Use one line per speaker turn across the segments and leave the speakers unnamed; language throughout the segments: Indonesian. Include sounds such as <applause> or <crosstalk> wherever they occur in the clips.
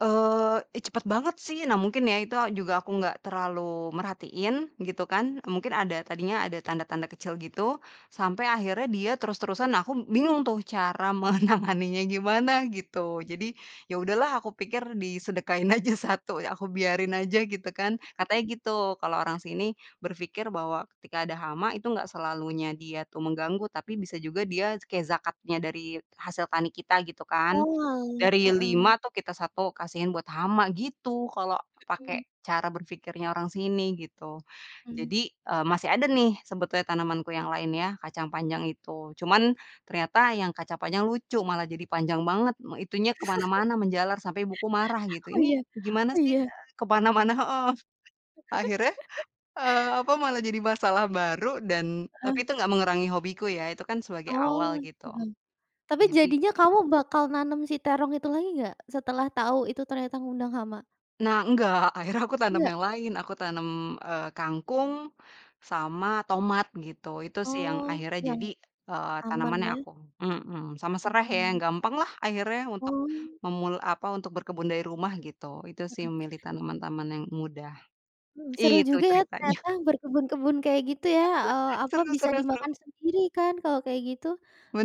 Eee, ih, cepat banget sih, nah mungkin ya itu a juga aku gak terlalu merhatiin gitu kan mungkin ada tadinya ada tanda-tanda kecil gitu, sampai akhirnya dia terus-terusan nah, aku bingung tuh cara menanganinya gimana gitu. Jadi, ya udah lah aku pikir disedekahin aja 1, aku biarin aja gitu kan. Katanya gitu, kalau orang sini berpikir bahwa ketika ada hama itu gak selalunya dia tu mengganggu. Tapi bisa juga dia kayak zakatnya dari hasil tani kita gitu kan.
Oal
Dari
heeh.
5 tuh kita 1 kasihin buat hama gitu kalau pakai
Mmm.
cara berpikirnya orang sini gitu.
Mmm.
Jadi, eee, masih ada nih sebetulnya tanamanku yang lain ya, kacang panjang itu. Cuman ternyata yang kaca panjang lucu malah jadi panjang banget me itunya ke mana-mana menjalar sampai ibuku marah
<laughs>
gitu,
Oh,
"Ini
iya?
gimana
Oh,
sih?
iya?
Eee, ke mana-mana," heeh. Akhirnya,
<laughs>
eee, apa malah jadi masalah baru dan tapi
Heeh.
itu nggak mengurangi hobiku ya, itu kan sebagai
Oh,
awal gitu.
heeh. Tapi
Jadi
jadinya kamu bakal nanem si terong itu lagi nggak setelah tahu itu ternyata ngundang hama?
Nah, enggak, akhirnya aku tanam
Enggak?
yang lain aku tanam, eee, kangkung sama tomat gitu, itu sih yang
Oh,
akhirnya
yang
jadi, eee,
aman
tanaman yang
ya.
aku mmm, sama sereh ya yang
Mmm.
gampang lah akhirnya untuk
Oh.
memul apa, untuk berkebun dari rumah gitu. Itu sih
Mmm.
memilih tanaman taman yang mudah.
Mmm, seru
Itu
juga ya
ceritanya. <chuckles>
ternyata berkebun-kebun kayak gitu ya,
<chuckles>
eee, apa,
Seru
bisa
seru seru.
dimakan sendiri kan kalau kayak gitu,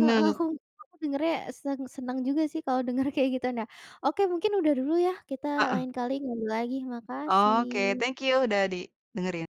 heeh, aku aku dengarnya seng senang juga sih kalau dengar kayak gitu, nah, oke mungkin udah dulu ya kita
Heeh.
lain kali ngobrol lagi,
Oke,
makasih.
thank you udah didengerin.